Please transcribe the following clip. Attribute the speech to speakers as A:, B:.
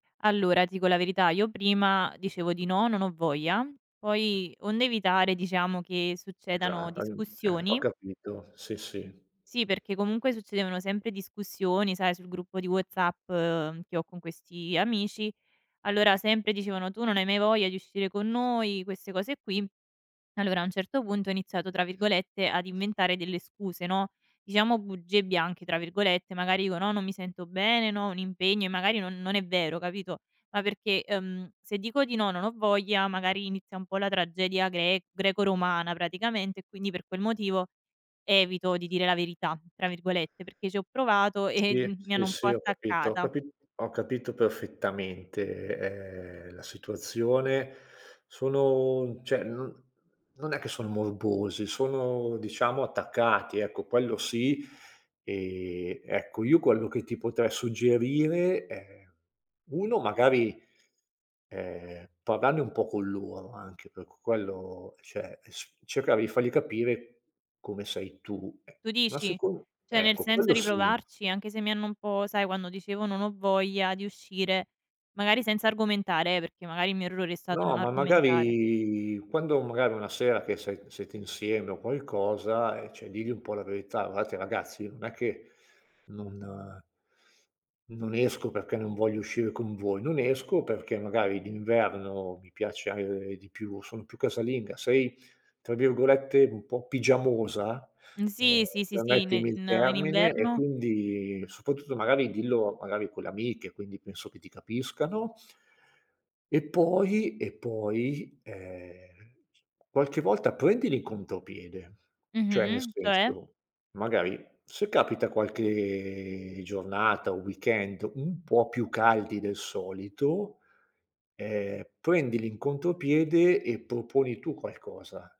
A: Allora, ti dico la verità, io prima dicevo di no, "Non ho voglia", poi onde evitare diciamo che succedano
B: Esa ehm, eh, ho
A: discussioni
B: capito, sì, sì.
A: Sì, perché comunque succedevano sempre discussioni, sai, sul gruppo di WhatsApp, che ho con questi amici, allora sempre dicevano: "Tu non hai mai voglia di uscire con noi," queste cose qui. Allora a un certo punto ho iniziato tra virgolette ad "inventare delle scuse", no, diciamo "bugie bianche" tra virgolette, magari dico: "No, non mi sento bene, no, ho un impegno" e magari no non è vero, capito? Ma perché, ehm, se dico di no, non ho voglia, magari inizia un po' la tragedia gre greco-romana praticamente e quindi per quel motivo "evito di dire la verità" tra virgolette, perché ci ho provato, eh
B: Sì,
A: di mi
B: sì,
A: hanno un po'
B: sì, ho capito ho
A: attaccata.
B: capi ho capito perfettamente, ehm, la situazione. Sono cioè no non è che son morbosi, sono diciamo attaccati ecco, quello sì. Ehm, ecco io quello che ti potrei suggerire è: 1 magari, ehm, parlarne un po' con loro anche perché quello cioè, e s cercare di fargli capire come sei tu,
A: Tu
B: ma
A: dici?
B: secon
A: Cioè nel
B: ecco,
A: senso
B: quello
A: di
B: sì.
A: provarci anche se mi hanno un po' sai, quando dicevo: "Non ho voglia di uscire", magari senza argomentare, eh, perché magari il mio errore è stato non
B: No, ma
A: argomentare.
B: magari quando magari una sera che se siete insieme o qualcosa, ehm, cioè digli un po' la verità: "Guardate ragazzi non è che non" "non esco perché non voglio uscire con voi. Non esco perché magari d'inverno mi piace di più sono più casalinga". Sei tra virgolette un po' "pigiamosa,"
A: Mhmm,
B: ehm,
A: sì, sì, sì, sì, in
B: permettimi il
A: in in
B: termine, e
A: inverno.
B: quindi soprattutto magari dillo magari con le amiche, quindi penso che ti capiscano. E poi, e poi, ehm, qualche volta prendili contropiede, cioè nel
A: Mh-mh, cioè?
B: senso, magari se capita qualche giornata o weekend un po' più caldi del solito, ehm, prendili in contropiede e proponi tu qualcosa.